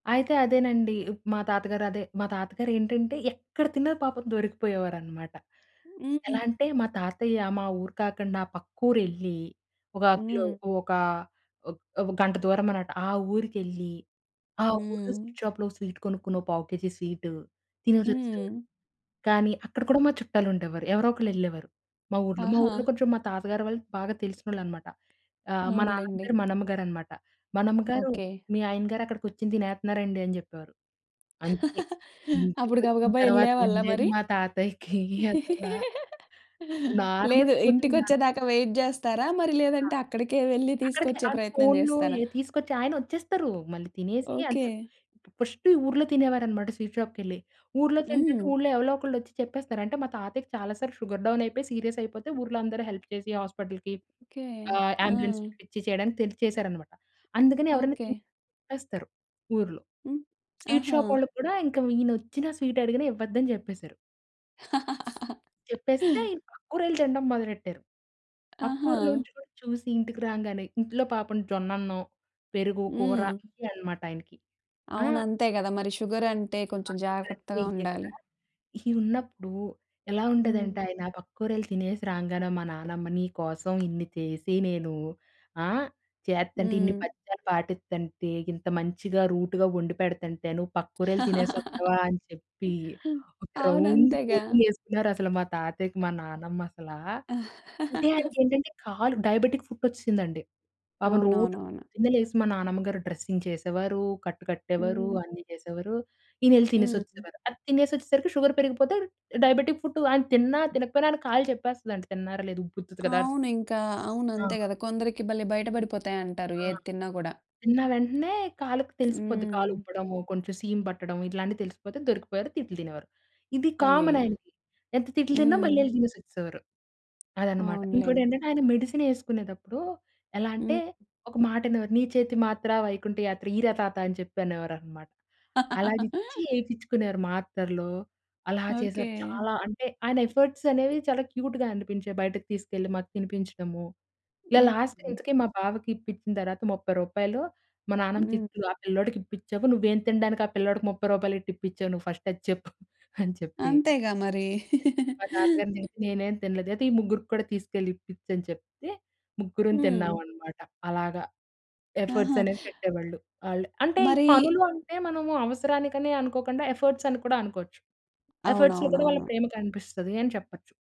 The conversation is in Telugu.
అయితే అదేనండి. ఇప్ మా తాతగారు అదే మా తాతగారేంటంటే ఎక్కడ తిన్నా పాపం దొరికిపోయేవారన్నమాట. ఎలా హుహు. అంటే మా తాతయ్య మా ఊరు కాకుండా పక్కూరెళ్లి ఒక కిలో హ్మ్. ఒక ఒక ఓ గంట దూరమనమాట. ఆ ఊరికెళ్ళి ఆ ఊరిలో హ్మ్. స్వీట్ షాప్‌లో స్వీట్ కొనుక్కుని ఓ పావు కేజీ స్వీట్ తినేసొచ్చేసేవారు. హ్మ్. కానీ అక్కడ కూడా మా చుట్టాలుండేవారు. ఎవరో ఒకళ్ళు ఎళ్ళేవారు, మా ఊర్లో. మా ఊర్లో ఆహా! కొంచెం మా తాతగారు వాళ్ళు బాగా తెలిసినోళ్ళనమాట. ఆహ్, మా నాన్నమ్మ అవునులేండి. పేరు మనెమ్మగారనమాట. "మనెమ్మగారు, ఓకే. మీ ఆయనగారు అక్కడ కుర్చోని తినేత్త‌న్నారండి" అని చెప్పేవారు. అంతే అప్పుడు ఇంటికొచ్చిన గబగబా తర్వాత ఎళ్ళేవాళ్ళా ఉండేది మరి? మా తాతయ్యకి అసలా లేదు. నార్మల్ కోటింగ్ కాదు. ఇంటికొచ్చేదాకా వెయిట్ చేస్తారా? మరి ఆ! లేదంటే అక్కడికే వెళ్లి అక్కడికి తీసుకొచ్చే అటు ప్రయత్నం ఫోన్లు చేస్తారా? ఇక తీసుకొచ్చి, ఆయనొచ్చేస్తారు. మళ్ళీ తినేసి అంటే ఓకే. ఇప్పుడు ఫస్టు ఈ ఊర్లో తినేవారన్నమాట స్వీట్ షాప్‌కె‌ళ్లి. ఊర్లో తింటంటే హ్మ్. ఊర్లో ఎవలో ఒకళ్ళు వచ్చి చెప్పేస్తారు. అంటే మా తాతయ్యకి చాలా సార్లు షుగర్ డౌన్ అయిపోయి సీరియస్ అయిపోతే, ఊర్లో అందరూ హెల్ప్ చేసి హాస్పిటల్‌కి, ఓకే. ఆహ్, అంబులెన్స్‌ని ఆ! పిలిపిచ్చి చేయడానికి తెలిసి చేసారన్నమాట. అందుకని ఎవరైనా తింటే ఓకే. చెప్పేస్తారు ఊర్లో. హ్మ్. స్వీట్ ఆహా! షాప్ వాళ్ళక్కూడా ఇంకా ఈయనొచ్చినా, స్వీట్ అడిగినా, ఇవ్వద్దని చెప్పేశారు. చెప్పేస్తే ఇంకా పక్కూరెళ్ళి తినడం మొదలెట్టారు. పక్కూర్లో ఆహా! నుంచి కూడా చూసి ఇంటికి రాంగానే ఇంట్లో పాపం జొన్న అన్నం, పెరుగు, కూర హ్మ్. ఇయన్నమాట ఆయనకి. ఆ! అవును. అంతే కదా మరి. షుగర్ అంటే ఆ! కొంచెం షుగర్ అంటే జాగ్రత్తగా ఇయ్యే కదా! ఉండాలి. ఇయి ఉన్నప్పుడు ఎలా హ్మ్. ఉండేదంటే ఆయన పక్కూరెళ్ళి తినేసి రాంగానే మా నాన్నమ్మ, "నీ కోసం ఇన్ని చేసి నేను ఆ! చేత్తంటే, ఇన్ని హ్మ్. పత్యాలు పాటిత్తంటే, ఇంత మంచిగా, రూట్‌గా వండిపెడతంటే, నువ్వు పక్కూరెళ్ళి తినేసి వస్తావా?" అని చెప్పి ఒక రౌండ్ అవునంతేగా. కోటింగ్ వేసుకున్నారు అసలా మా తాతయ్యకి మా నానమ్మ అసలా. అంటే ఆయనకేంటంటే కాలు డయాబెటిక్ ఫుట్ వచ్చేసిందండి. పాపం రోజు అవునవునవును. పొద్దున్నే లేసి మా నానమ్మ గారు డ్రెస్సింగ్ చేసేవారు. కట్టు కట్టేవారు. హ్మ్. అన్ని చేసేవారు. ఈయనెళ్లి హ్మ్. తినేసొచ్చేసేవారు. అది తినేసొచ్చేసరికి షుగర్ పెరిగిపోతే డయాబెటిక్ ఫుట్ ఆయన తిన్నా, తినకపోయినా, ఆయన కాళ్ళు చెప్పేస్తదండి తిన్నారా? లేదా? ఉబ్బుతది కదా! అవును ఇంకా. అవును. ఆ! అంతే కదా! కొందరికి భలే బయట పడిపోతాయంటారు! ఆ! ఏది తిన్నా కూడా! తిన్న వెంటనే కాలుకి తెలిసిపోద్ది కాలు హ్మ్. ఉబ్బడము, కొంచెం సీము పట్టడం, ఇట్లాంటియి తెలిసిపోతే దొరికిపోయారు. తిట్లు తినేవారు. ఇది కామన్ అయ్యయ్యో! ఆయనకి. ఎంత తిట్లు తిన్నా హ్మ్. మళ్ళీ ఎళ్ళి తినేసొచ్చేసేవారు. అదనమాట. అవునులేండి. ఇంకోటేంటంటే ఆయన మెడిసిన్ ఏసుకునేటప్పుడు ఎలా అంటే హ్మ్. ఒక మాటనేవారు, "నీ చేతి మాత్ర, వైకుంఠ యాత్ర" ఈర తాత. అని చెప్పి అనేవారన్నమాట. అలా ఇచ్చి ఏపించుకునేవారు మాత్రలు. అలా ఓకే. చేసారు. చాలా అంటే ఆయన ఎఫర్ట్స్ అనేవి చాలా క్యూట్‌గా అనిపించేయి. బయటకు తీసుకెళ్ళి మాకు తినిపించడము, ఇలా లాస్ట్ హుహు. ఇంతకీ మా బావకిప్పించిన తరువాత రూ. 30 మా నాన్నమ్మ హ్మ్. తిట్లు, "ఆ పిల్లోడికిప్పిచావు. నువ్వేం తినడానికి ఆ పిల్లోడికి 30 రూపాయలెట్టి ఇప్పించావు నువ్వు ఫస్ట్ అది చెప్పు?" అని చెప్పి, తిట్టేది. అంతేగా మరి. మా తాతగారయితే నేనేం తినలేదు, అయితే ఈ ముగ్గురికి కూడా తీసుకెళ్ళి ఇప్పిచు అని చెప్తే, ముగ్గురుం హ్మ్. తిన్నామన్నమాట. అలాగా. ఎఫర్ట్స్ ఆహా! అనేవి పెట్టేవాళ్ళు వాళ్ళు. అంటే ఈ మరీ పనులు అంటే మనము అవసరానికనే అనుకోకుండా, ఎఫర్ట్స్ అని కూడా అనుకోవచ్చు. ఎఫర్ట్స్‌లో కూడా వాళ్ళ అవునవునవును. ప్రేమ కనిపిస్తది అని చెప్పొచ్చు.